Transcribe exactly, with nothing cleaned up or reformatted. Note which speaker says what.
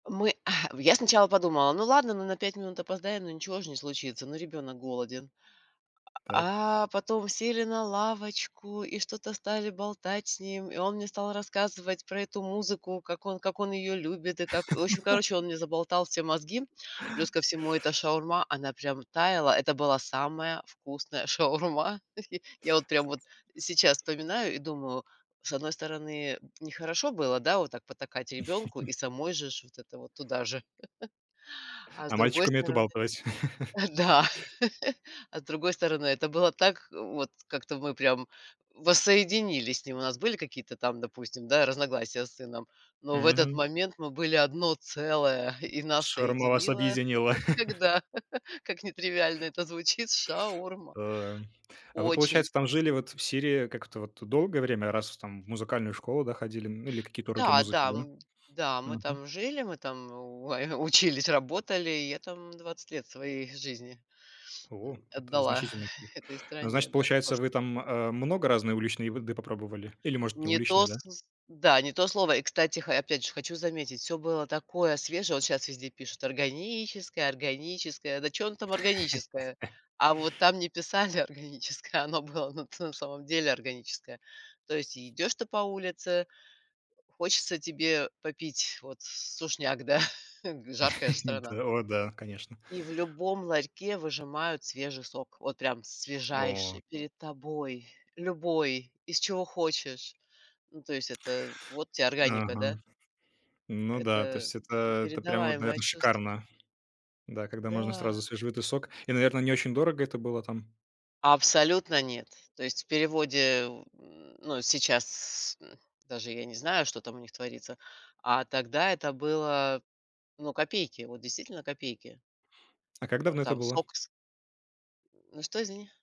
Speaker 1: Мы а в я сначала подумала, ну, ладно, мы на пять минут опоздаем, но ничего же не случится, ну, ребенок голоден.
Speaker 2: Так.
Speaker 1: А, а потом сели на лавочку и что-то стали болтать с ним. И он мне стал рассказывать про эту музыку, как он как он ее любит и как, в общем, короче, он мне заболтал все мозги. Плюс ко всему, эта шаурма, она прям таяла. Это была самая вкусная шаурма. Я вот прям вот сейчас вспоминаю и думаю, с одной стороны, нехорошо было, да, вот так потакать ребенку и самой же ж вот это вот туда же, а с
Speaker 2: А
Speaker 1: другой
Speaker 2: мальчик умеет
Speaker 1: стороны
Speaker 2: убалтывать.
Speaker 1: А, да, а с другой стороны, это было так, э, вот как-то мы прям воссоединились с ним. У нас были какие-то там, допустим, да, разногласия с сыном, но в этот
Speaker 2: Мгм.
Speaker 1: момент мы были одно целое, и нас
Speaker 2: Шаурма вас
Speaker 1: соединило,
Speaker 2: объединила.
Speaker 1: как всегда, как нетривиально это звучит, шаурма.
Speaker 2: Эм. А вы,
Speaker 1: Очень
Speaker 2: получается, там жили,
Speaker 1: вкусно.
Speaker 2: вот, в Сирии, как это, вот, э, долгое время, раз, в там, в музыкальную школу, да, ходили, ну, или какие-то уроки
Speaker 1: М-да,
Speaker 2: музыки,
Speaker 1: да,
Speaker 2: да?
Speaker 1: м-да, мы
Speaker 2: Мгм.
Speaker 1: там жили, мы там у ой, учились, работалию И я там двадцать лет своей жизни,
Speaker 2: О,
Speaker 1: м,
Speaker 2: это
Speaker 1: отдала
Speaker 2: значительный. [unintelligible]
Speaker 1: этой
Speaker 2: А
Speaker 1: стране,
Speaker 2: значит,
Speaker 1: да, [unintelligible]
Speaker 2: получается,
Speaker 1: можно
Speaker 2: вы
Speaker 1: сказать.
Speaker 2: там, а, много разной уличной в еды попробовали? Или, может, не
Speaker 1: Не
Speaker 2: уличной,
Speaker 1: то
Speaker 2: да?
Speaker 1: сыс да не то слово. И, кстати, ха, я, опять же, хочу заметить, всё было такое свежее. Вот щас везде пишут: "органическое, органическое". Да чё оно там органическое? А вот там не писали "органическое", а оно было, ну, ты в самом деле, органическое. То есть и идёшь ты по улице, хочется тебе попить, вот, с сушняк, да, гы, жаркая же
Speaker 2: И
Speaker 1: страна.
Speaker 2: дэ о да, конечно.
Speaker 1: И в любом ларьке выжимают свежий сок. Вот прям
Speaker 2: О.
Speaker 1: свежайший перед тобой. Любой, из чего хочешь. Ну, то есть это вот те органика, да?
Speaker 2: Мгм. Ну да, то
Speaker 1: Это
Speaker 2: есть это это прям вот,
Speaker 1: непередаваемое
Speaker 2: наверно,
Speaker 1: чувство.
Speaker 2: шикарно, да, когда можно
Speaker 1: Да.
Speaker 2: сразу свежевыжатый сок. И, наверно, не очень дорого это было там?
Speaker 1: Абсолютно нет. То есть в переводе в м, ну, сейчас, м, даже я не знаю, что там у них творится, а тогда это было, ну, копейки, вот действительно копейки.
Speaker 2: А как
Speaker 1: А
Speaker 2: давно это
Speaker 1: там
Speaker 2: было?
Speaker 1: сок из М, ну что, извини?